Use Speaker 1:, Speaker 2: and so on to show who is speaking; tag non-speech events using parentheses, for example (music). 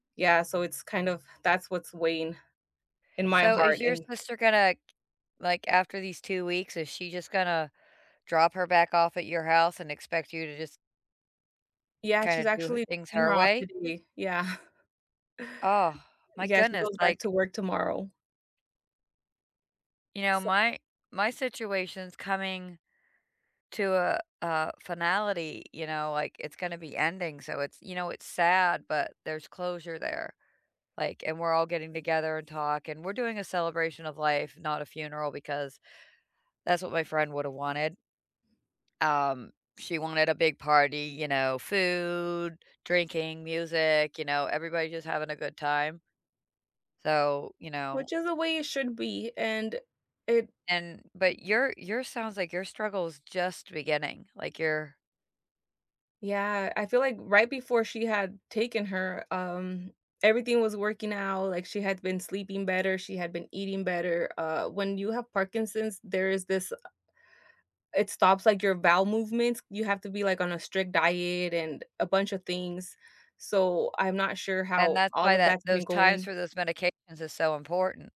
Speaker 1: Yeah, so it's kind of that's what's weighing in my
Speaker 2: So, is
Speaker 1: heart
Speaker 2: your
Speaker 1: and
Speaker 2: sister gonna like, after these 2 weeks, is she just gonna drop her back off at your house and expect you to just
Speaker 1: Yeah, she's
Speaker 2: kinda do h
Speaker 1: actually
Speaker 2: things
Speaker 1: dropping her
Speaker 2: her
Speaker 1: off
Speaker 2: way?
Speaker 1: today, yeah. (chuckles)
Speaker 2: Oh, my
Speaker 1: Yeah, she
Speaker 2: goodness,
Speaker 1: goes back
Speaker 2: like
Speaker 1: to work tomorrow.
Speaker 2: You know,
Speaker 1: So
Speaker 2: my my situation's coming to a a finality, you know, like it's gonna be ending, so it's you know, it's sad, but there's closure there, like and we're all getting together and talk and we're doing a celebration of life, not a funeral because that's what my friend woulda wanted. Um, she wanted a big party, you know, food, drinking, music, you know, everybody just having a good time. So, you know
Speaker 1: Which is the way it should be, and it
Speaker 2: And but your your sounds like your struggle is just beginning, like you're
Speaker 1: Yeah, I feel like right before she had taken her, um, everything was working out, like she had been sleeping better, she had been eating better, uh, when you have Parkinson's, there is this, uh It stops like your bowel movements. You have to be like on a strict diet and a bunch of things, so I'm not sure
Speaker 2: And
Speaker 1: how
Speaker 2: that's
Speaker 1: all
Speaker 2: why
Speaker 1: of
Speaker 2: that
Speaker 1: that's been
Speaker 2: those times
Speaker 1: going.
Speaker 2: for those medications is so important.